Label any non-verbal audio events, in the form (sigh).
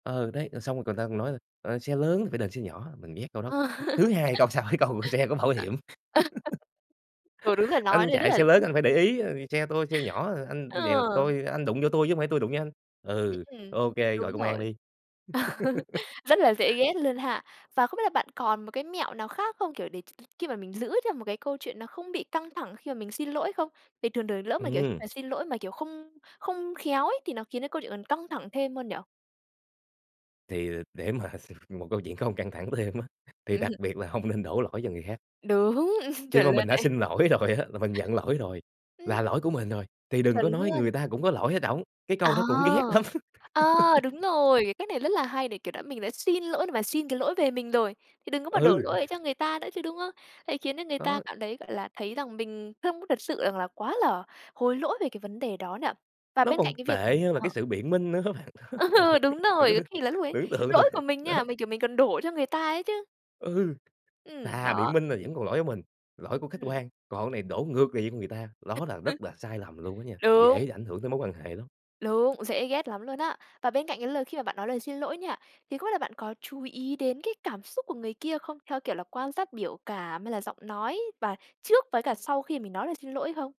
Ừ, đấy, rồi xong rồi người ta nói là, ờ, "Xe lớn thì phải đền xe nhỏ." Mình ghét câu đó. Ờ. Th thứ hai, câu sau cái câu: "Xe có bảo hiểm. (laughs) Ừ, đúng rồi (laughs) nói Anh thế rất chạy là xe lớn (laughs) anh phải để ý, ờ, vì xe tôi xe nhỏ, ờ, anh vậy là Ờ. tôi anh đụng vô tôi chứ hông phải tôi đụng vô anh. Ừm, Ừ, ừm, ô kê, gọi đúng công an rồi. đi!" (laughs) Rất là (laughs) dễ ghét luôn ha. Và không biết là bạn còn một cái mẹo nào khác không, kiểu, để khi mà mình giữ cho một cái câu chuyện nó không bị căng thẳng khi mà mình xin lỗi không? Thì thường thường lỡ mà, kiểu, Ừm. mà xin lỗi mà, kiểu, không không khéo ấy thì nó khiến cho câu chuyện còn căng thẳng thêm hơn nhỉ? Thì để mà s một câu chuyện không căng thẳng thêm á, thì đặc Ừm. biệt là hông nên đổ lỗi cho người khác. Đúng, (chuckles) Khi chuẩn mà mình luôn đã đấy. xin lỗi rồi á là mình nhận lỗi rồi, Ừm. là lỗi của mình rồi, thì đừng Chuẩn có nói luôn. người ta cũng có lỗi ở trỏng, cái câu À! đó cũng ghét lắm. A, đúng (laughs) rồi, cái cách này rất là hay để, kiểu đã mình đã xin lỗi để mà xin cái lỗi về mình rồi thì đừng có mà đổ Ừ. lỗi ấy cho người ta nữa chứ, đúng hông? Đấy, khiến cho người ta Đó. cảm thấy, gọi là, thấy rằng mình không có thật sự rằng là quá là hối lỗi về cái vấn đề đó nhỉ. Và Nó bên cạnh còn cái việc mà tệ hơn là cái ờ. sự biện minh nữa á bạn, Ờ, đúng (laughs) bạn rồi, cứ có thử khi là lúc ấy tưởng tượng thử, lỗi của mình đó. nha, mình, kiểu, mình còn đổ cho người ta ấy chứ. Ừ. Ừm, Thà biện đó. minh là vẫn còn lỗi của mình, lỗi của khách Ừm. quan, còn này đổ ngược về cho người ta, đó là (unintelligible) rất là sai lầm luôn đó nha, Đúng. dễ ảnh hưởng tới mối quan hệ lắm. Đúng, dễ ghét lắm luôn á. Và bên cạnh cái lời khi mà bạn nói lời xin lỗi nha, thì không biết là bạn có chú ý đến cái cảm xúc của người kia không, theo kiểu là quan sát biểu cảm hay là giọng nói và trước với cả sau khi mà mình nói lời xin lỗi hông?